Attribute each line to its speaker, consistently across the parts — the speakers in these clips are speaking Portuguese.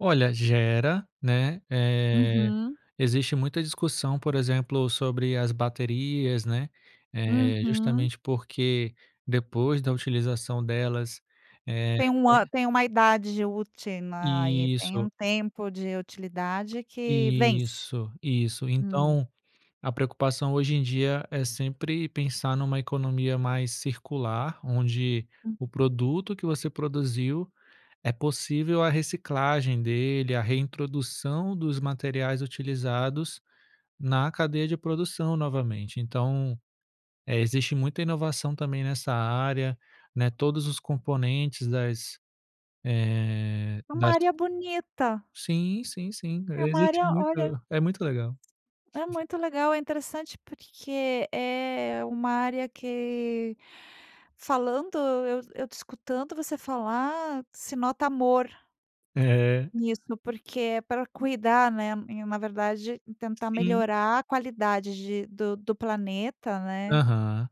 Speaker 1: Olha, gera, né, eh,
Speaker 2: Uhum.
Speaker 1: existe muita discussão, por exemplo, sobre as baterias, né, eh,
Speaker 2: Uhum.
Speaker 1: justamente porque depois da utilização delas eh,
Speaker 2: Tem uma
Speaker 1: eh
Speaker 2: tem uma idade util né, aí, tem
Speaker 1: Isso.
Speaker 2: um tempo de utilidade que vence.
Speaker 1: Isso, isso,
Speaker 2: Hum.
Speaker 1: então, a preocupação hoje em dia é sempre pensar numa economia mais circular, onde o
Speaker 2: Uhum.
Speaker 1: produto que você produziu é possível a reciclagem dele, a reintrodução dos materiais utilizados na cadeia de produção novamente, então, eh, existe muita inovação também nessa área, né, todos os componentes das eh,
Speaker 2: É uma
Speaker 1: das
Speaker 2: área bonita.
Speaker 1: Sim, sim, sim,
Speaker 2: É uma
Speaker 1: existe
Speaker 2: área, olha
Speaker 1: muito é muito legal.
Speaker 2: É muito legal, é interessante porque é uma área que falando eu eu te escutando você falar, se nota amor
Speaker 1: É.
Speaker 2: nisso, porque é para cuidar, né, e na verdade tentar
Speaker 1: Sim.
Speaker 2: melhorar a qualidade de do do planeta, né.
Speaker 1: Aham.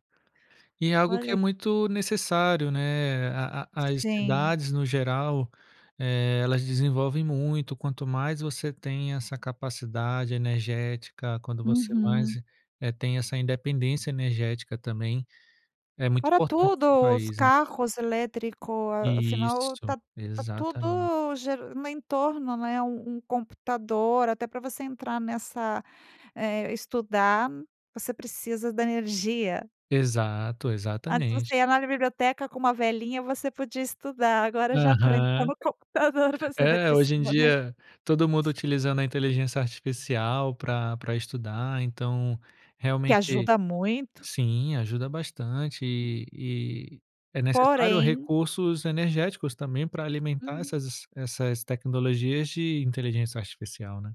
Speaker 1: E é algo que é
Speaker 2: Olha
Speaker 1: muito necessário, né, a a as
Speaker 2: Sim.
Speaker 1: cidades, no geral, eh, elas desenvolvem muito, quanto mais você tem essa capacidade energética, quando você mais,
Speaker 2: Uhum.
Speaker 1: eh, tem essa independência energética também, é muito
Speaker 2: Para
Speaker 1: importante para o
Speaker 2: tudo, os
Speaker 1: país.
Speaker 2: carros elétrico afinal
Speaker 1: Isso,
Speaker 2: está está
Speaker 1: exatamente.
Speaker 2: tudo geran no entorno, né, um um computador, até para você entrar nessa, eh, estudar, você precisa da energia.
Speaker 1: Exato,
Speaker 2: Antes
Speaker 1: exatamente.
Speaker 2: você ia na biblioteca com uma velinha, você podia estudar, agora já pra entrar
Speaker 1: Aham.
Speaker 2: no computador você vai
Speaker 1: É, hoje em
Speaker 2: precisar, né.
Speaker 1: dia todo mundo utilizando a inteligência artificial pra pra estudar, então,
Speaker 2: Que
Speaker 1: realmente
Speaker 2: ajuda muito.
Speaker 1: sim, ajuda bastante e e é necessário
Speaker 2: Porém
Speaker 1: recursos energéticos também pra alimentar
Speaker 2: Uhum.
Speaker 1: essas essas tecnologias de inteligência artificial, né.